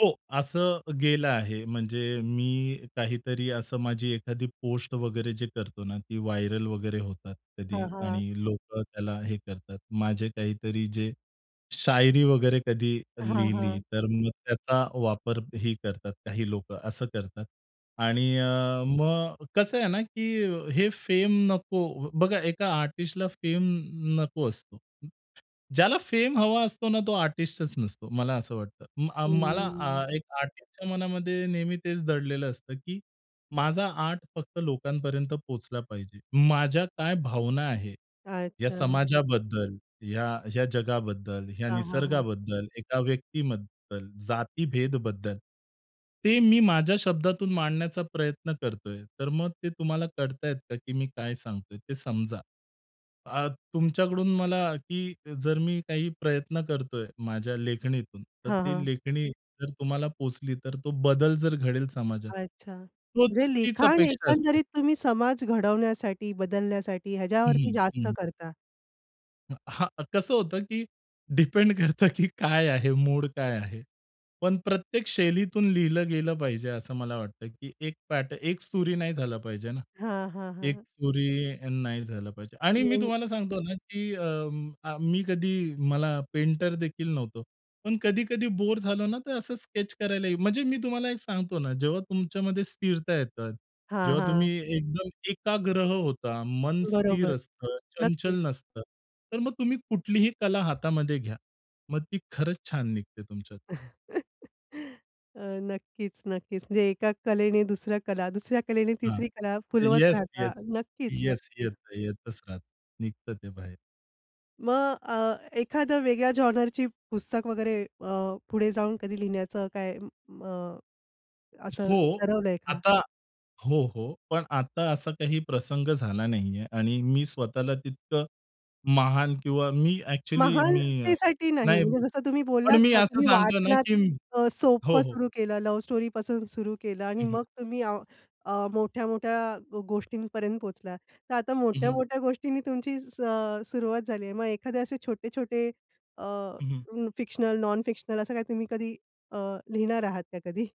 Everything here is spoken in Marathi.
हो. असं गेलं आहे. म्हणजे मी काहीतरी असं माझी एखादी पोस्ट वगैरे जे करतो ना ती व्हायरल वगैरे होतात कधी. हां, हां. आणि लोकं त्याला हे करतात. माझे काहीतरी जे; शायरी वगैरे कधी हां, लिहिली; हां. तर मग त्याचा वापरही करतात काही लोकं, असं करतात. आणि अ, मग कसं आहे ना, की हे फेम नको बघा एका आर्टिस्टला फेम नको असतो. ज्याला फेम हवा असतो ना तो आर्टिस्टच नसतो. मला असं वाटतं. म अ, मला हम्म. अ, एक आर्टिस्टच्या मनामध्ये नेहमी तेच दडलेलं असतं की माझा आर्ट फक्त लोकांपर्यंत पोहोचला पाहिजे. माझ्या काय भावना आहे, या अच्छा. समाजाबद्दल, या या जगाबद्दल, या हां, हां, हां. निसर्गाबद्दल, एका व्यक्तीबद्दल, जातीभेदबद्दल ते मी माझ्या शब्दातून मांडण्याचा प्रयत्न करतोय. तर मग ते तुम्हाला कळत आहेत का की मी काय सांगतोय ते समजा. आ, तुमच्याकडून मला की जर मी काही प्रयत्न करतोय माझ्या लेखणीतून, तर हां, ती हां. लेखणी जर तुम्हाला पोहोचली तर तो बदल जर घडेल समाजात. अच्छा, तोच जे तीच लिखाण अपेक्षा असते. एकंदरीत तुम्ही समाज घडवण्यासाठी, बदलण्यासाठी ह्याच्यावरती हं, जास्त हं. करता. अ, हां, कसं होतं की डिपेंड करतं, की काय आहे, मूड काय आहे? पण प्रत्येक शैलीतून लिहिलं गेलं पाहिजे असं मला वाटतं की एक पॅट एक सुरी नाही झालं पाहिजे ना. हां, हां, एक हां. सुरी नाही झालं पाहिजे. आणि मी हं. तुम्हाला सांगतो ना की अ, आ, मी कधी मला पेंटर देखील नव्हतो. पण कधी-कधी बोर झालो ना, तर असं स्केच करायला म्हणजे मी तुम्हाला एक सांगतो ना, जेव्हा तुमच्यामध्ये स्थिरता येतं, हां, जेव्हा तुम्ही हां. एकदम एकाग्रह होता, मन स्थिर बरोबर, असतं, नक्कीच. चंचल नसतं तर मग तुम्ही कुठलीही कला हातामध्ये घ्या. मग ती खरंच छान निघते तुमच्यात. अ, नक्कीच, नक्कीच म्हणजे एका कलेने दुसऱ्या कला, दुसऱ्या कलेने हां. तिसरी कला फुलवत येस, येस, राहता. नक्कीच, येस. येत नक्कीच. येतच राहत. निघतं ते बाहेर. मग अ, एखाद वेगळ्या जॉनरची पुस्तक वगैरे अ, पुढे जाऊन कधी लिहिण्याचं काय अ, असं हो. ठरवलंय का? आता हो, हो. पण आता असा काही प्रसंग झाला नाहीये. आणि मी स्वतःला तितकं महान किंवा मी एक्चुअली मी अ, महानतेसाठी नाही. नाही म्हणजे जसं तुम्ही पण बोललात मी ना, असं तुम्ही सांगतो ना वाचनात की अ, हो, सोप्पं हो. सुरु केलं, लव्ह स्टोरी पासून सुरु केलं आणि हं, हं. मग तुम्ही अ, अ, मोठ्या-मोठ्या गोष्टींपर्यंत पोहचलात. तर आता हं, हं. मोठ्या-मोठ्या गोष्टींनी तुमची स सुरुवात झाली आहे. मग एखादे असे छोटे-छोटे अ, हं, हं. फिक्शनल, नॉन फिक्शनल असं काय तुम्ही कधी अ, लिहिणार आहात का कधी?